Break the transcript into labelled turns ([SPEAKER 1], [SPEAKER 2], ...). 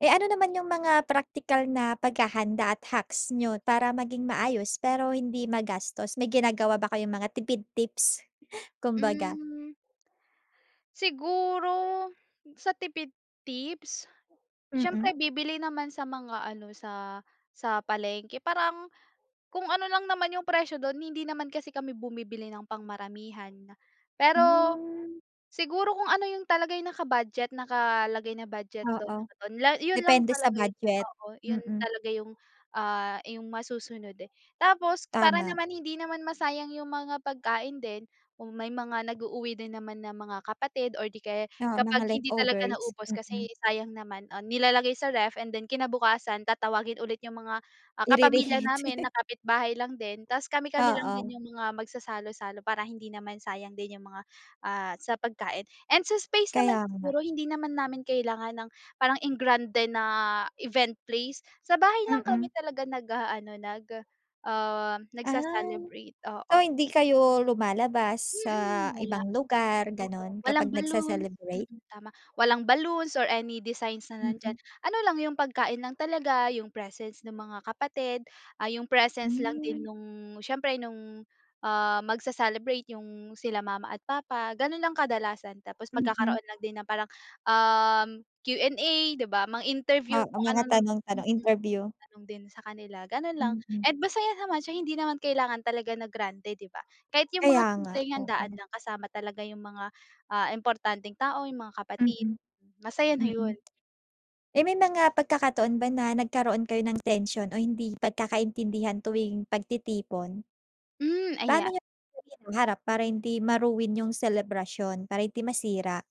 [SPEAKER 1] Eh, ano naman yung mga praktikal na paghahanda at hacks niyo para maging maayos, pero hindi magastos? May ginagawa ba kayong mga tipid tips kumbaga.
[SPEAKER 2] Hmm. Siguro sa tipid tips,
[SPEAKER 1] Mm.
[SPEAKER 2] siyempre bibili naman sa mga ano, sa sa palengke. Parang kung ano lang naman yung presyo dun. Hindi naman kasi kami bumibili ng pang maramihan. Pero
[SPEAKER 1] Hmm.
[SPEAKER 2] siguro kung ano yung talaga naka-budget, nakalagay na budget dun
[SPEAKER 1] Oo.
[SPEAKER 2] dun yun lang
[SPEAKER 1] Depende sa
[SPEAKER 2] talaga yung
[SPEAKER 1] budget,
[SPEAKER 2] oo, yun
[SPEAKER 1] mm.
[SPEAKER 2] talaga yung, ah, yung masusunod, eh. Tapos para
[SPEAKER 1] Tama.
[SPEAKER 2] naman hindi naman masayang yung mga pagkain din, kung may mga nag-uuwi din naman na mga kapatid or di kaya
[SPEAKER 1] Oo, mga
[SPEAKER 2] kapag hindi talaga
[SPEAKER 1] leftovers.
[SPEAKER 2] naubos kasi
[SPEAKER 1] Mm.
[SPEAKER 2] sayang naman, ah, nilalagay sa ref and then kinabukasan, tatawagin ulit yung mga ah kapamilya
[SPEAKER 1] Ire-reheat.
[SPEAKER 2] namin, na kapitbahay lang din. Tapos kami-kami lang
[SPEAKER 1] Oo.
[SPEAKER 2] din yung mga magsasalo-salo para hindi naman sayang din yung mga, ah, sa pagkain. And sa space
[SPEAKER 1] Kaya
[SPEAKER 2] naman
[SPEAKER 1] nga.
[SPEAKER 2] siguro hindi naman namin kailangan ng parang engrande na event place. Sa bahay lang kami
[SPEAKER 1] Mm.
[SPEAKER 2] talaga nag-aano, nag, ah,
[SPEAKER 1] Ah,
[SPEAKER 2] nagse-celebrate,
[SPEAKER 1] So,
[SPEAKER 2] oo.
[SPEAKER 1] hindi kayo lumalabas sa
[SPEAKER 2] Mm, wala.
[SPEAKER 1] ibang lugar,
[SPEAKER 2] Oo,
[SPEAKER 1] gano'n,
[SPEAKER 2] walang
[SPEAKER 1] kapag
[SPEAKER 2] balloons
[SPEAKER 1] nagse-celebrate?
[SPEAKER 2] mm, tama. Walang balloons or any designs na nandiyan.
[SPEAKER 1] Mm.
[SPEAKER 2] Ano lang, yung pagkain lang talaga, yung presence ng mga kapatid, ah, yung presence lang din
[SPEAKER 1] Hmm.
[SPEAKER 2] nung siyempre nung, ah, magse-celebrate, yung sila mama at papa, ganun lang kadalasan. Tapos
[SPEAKER 1] Mhm.
[SPEAKER 2] magkakaroon lang din ng parang, um, Q and A, di ba? Mang-interview
[SPEAKER 1] Oo,
[SPEAKER 2] kung
[SPEAKER 1] mga
[SPEAKER 2] ano-ano
[SPEAKER 1] tanong-tanong.
[SPEAKER 2] mm,
[SPEAKER 1] Interview.
[SPEAKER 2] tanong din sa kanila, ganun lang.
[SPEAKER 1] Mhm.
[SPEAKER 2] And masaya naman siya. Hindi naman kailangan talaga na grande, di ba? Kahit yung mga
[SPEAKER 1] Kaya nga,
[SPEAKER 2] simpleng handaan
[SPEAKER 1] oo.
[SPEAKER 2] lang kasama talaga yung mga, ah, importanteng tao, yung mga kapatid,
[SPEAKER 1] Mm,
[SPEAKER 2] masaya na
[SPEAKER 1] mm.
[SPEAKER 2] yun.
[SPEAKER 1] Eh, may mga pagkakataon ba na nagkaroon kayo ng tension o hindi pagkakaintindihan tuwing pagtitipon?
[SPEAKER 2] Hmm,
[SPEAKER 1] Paano
[SPEAKER 2] ayan.
[SPEAKER 1] niyo ito hinaharap para hindi ma-ruin yung selebrasyon, para hindi masira?